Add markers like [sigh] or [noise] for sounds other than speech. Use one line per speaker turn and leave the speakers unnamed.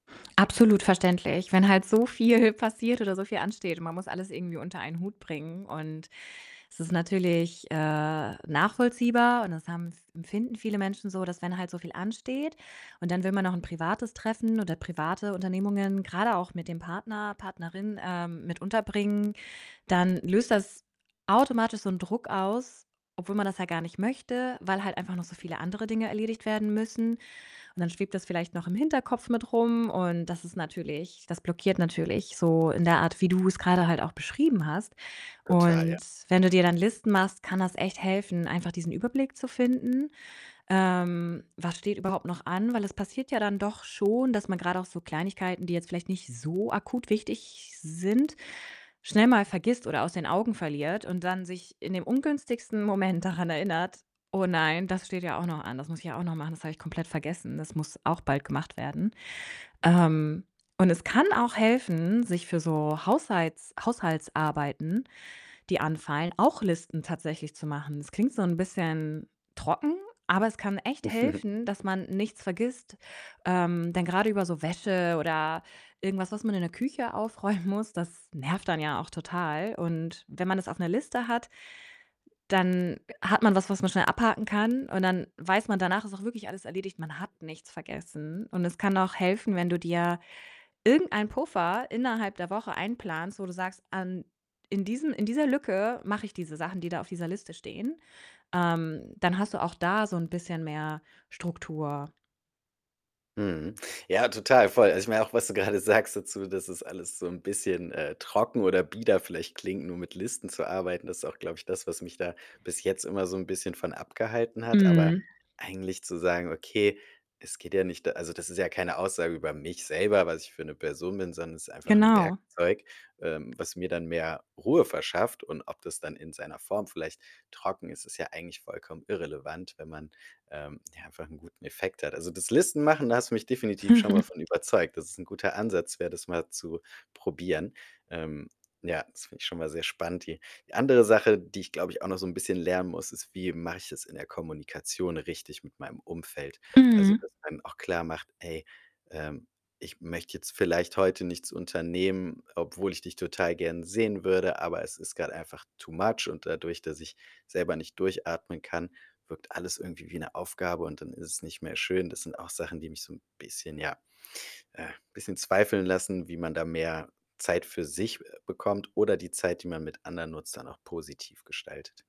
Absolut verständlich, wenn halt so viel passiert oder so viel ansteht und man muss alles irgendwie unter einen Hut bringen und es ist natürlich, äh, nachvollziehbar, und das haben f empfinden viele Menschen so, dass wenn halt so viel ansteht und dann will man noch 'n privates Treffen oder private Unternehmungen, grade auch mit dem Partner, Partnerin, ähm, mit unterbringen, dann löst das automatisch so 'n Druck aus, obwohl man das ja gar nicht möchte, weil halt einfach noch so viele andere Dinge erledigt werden müssen und dann schwebt das vielleicht noch im Hinterkopf mit rum und das ist natürlich das blockiert natürlich so in der Art, wie du's grade halt auch beschrieben hast
Total, ja.
und wenn du dir dann Listen machst, kann das echt helfen, einfach diesen Überblick zu finden. Ähm, was steht überhaupt noch an? Weil es passiert ja dann doch schon, dass man grad auch so Kleinigkeiten, die jetzt vielleicht nicht so akut wichtig sind, schnell mal vergisst oder aus den Augen verliert und dann sich in dem ungünstigsten Moment daran erinnert: „Oh nein, das steht ja auch noch an. Das muss ich ja auch noch machen. Das habe ich komplett vergessen. Das muss auch bald gemacht werden.“ Ähm, und es kann auch helfen, sich für so Haushalts Haushaltsarbeiten, die anfallen, auch Listen tatsächlich zu machen. Das klingt so 'n bisschen trocken, aber es kann echt
[chuckles]
helfen, dass man nichts vergisst. Ähm, denn grade über so Wäsche oder irgendwas, was man in der Küche aufräumen muss, das nervt dann ja auch total und wenn man das auf 'ner Liste hat dann, äh, hat man was, was man schnell abhaken kann und dann weiß man danach, es ist auch wirklich alles erledigt, man hat nichts vergessen und es kann auch helfen, wenn du dir irgendeinen Puffer innerhalb der Woche einplanst, wo du sagst: „An in diesem in dieser Lücke mache ich diese Sachen, die da auf dieser Liste stehen.“ Ähm, dann hast du auch da so 'n bisschen mehr Struktur.
Mhm. Ja, total, voll. Also, ich meine auch, was du grade sagst dazu, dass es alles so 'n bisschen, äh, trocken oder bieder vielleicht klingt, nur mit Listen zu arbeiten. Das ist auch, glaube ich, das, was mich da bis jetzt immer so 'n bisschen von abgehalten hat. Aber
Mhm.
eigentlich zu sagen: „Okay, es geht ja nicht da also, das ist ja keine Aussage über mich selber, was ich für 'ne Person bin, sondern es ist einfach 'n
Genau.
Werkzeug, ähm, was mir dann mehr Ruhe verschafft.“ Und ob das dann in seiner Form vielleicht trocken ist, ist ja eigentlich vollkommen irrelevant, wenn man, ähm, ja einfach 'nen guten Effekt hat. Also, das Listen-machen, da hast du mich definitiv schon mal von
[chuckles]
überzeugt, dass es 'n guter Ansatz wär, das mal zu probieren. Ähm, ja, das finde ich schon mal sehr spannend. Die die andere Sache, die ich, glaube ich, auch noch so 'n bisschen lernen muss, ist: Wie mache ich es in der Kommunikation richtig mit meinem Umfeld? Also,
Mhm.
dass man auch klarmacht: „Ey, ähm, ich möchte jetzt vielleicht heute nichts unternehmen, obwohl ich dich total gern sehen würde, aber es ist grad einfach too much. Und dadurch, dass ich selber nicht durchatmen kann, wirkt alles irgendwie wie 'ne Aufgabe und dann ist es nicht mehr schön.“ Das sind auch Sachen, die mich so 'n bisschen, ja, äh bisschen zweifeln lassen, wie man da mehr Zeit für sich, äh, bekommt oder die Zeit, die man mit anderen nutzt, dann auch positiv gestaltet.